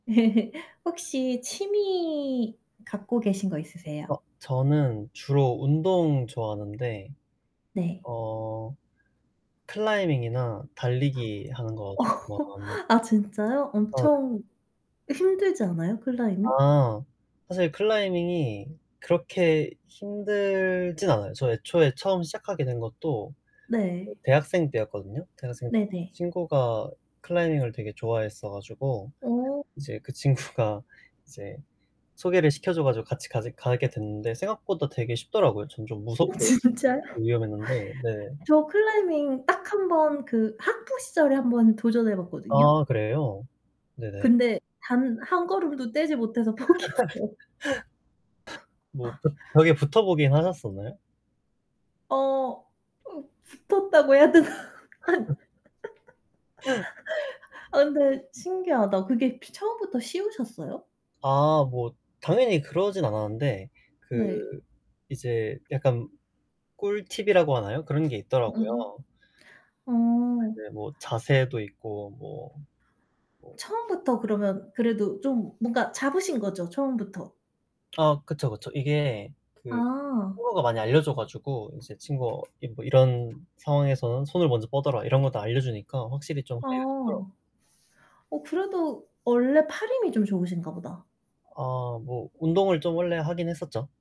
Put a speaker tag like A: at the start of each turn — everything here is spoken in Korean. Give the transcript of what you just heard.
A: 혹시 취미 갖고 계신 거 있으세요?
B: 어 저는 주로 운동 좋아하는데
A: 네.
B: 어 클라이밍이나 달리기 하는 거
A: 어
B: 좋아합
A: 아 진짜요?
B: 아 네.
A: 엄청 힘들지 않아요? 클라이밍?
B: 아 사실 클라이밍이 그렇게 힘들진 않아요. 저 애초에 처음 시작하게 된 것도 어
A: 네.
B: 대학생 때였거든요. 대학생 때
A: 네네.
B: 친구가 클라이밍을 되게 좋아했어 가지고
A: 어.
B: 이제 그 친구가 이제 소개를 시켜줘 가지고 같이 가지 가게 됐는데 생각보다 되게 쉽더라고요 전 좀
A: 어
B: 무섭고
A: 진짜요?
B: 위험했는데 네.
A: 저 클라이밍 딱 1 번 그 학부 시절에 한번 도전해 봤거든요.
B: 아 그래요? 네네.
A: 근데 단 1 걸음도 떼지 못해서 포기했어요.
B: 뭐 벽 벽에 붙어보긴 하셨었나요?
A: 어 붙었다고 해야 되나? 아 근데 신기하다. 그게 혹시 처음부터 쉬우셨어요?
B: 아 뭐 당연히 그러진 않았는데 그
A: 네.
B: 이제 약간 꿀팁이라고 하나요? 그런 게
A: 음음.
B: 있더라고요.
A: 어.
B: 네, 뭐 자세도 있고 뭐 뭐
A: 처음부터 그러면 그래도 좀 뭔가 잡으신 거죠? 처음부터?
B: 아 그쵸, 그쵸 이게 그
A: 아.
B: 친구가 많이 알려줘 가지고 이제 친구가 뭐 "이런 상황에서는 손을 먼저 뻗어라." 이런 거 다 알려주니까 확실히 좀
A: 아.
B: 하기가 쉽더라고요.
A: 어 그래도 원래 팔 힘이 좀 좋으신가 보다.
B: 어 뭐 운동을 좀 원래 하긴 했었죠.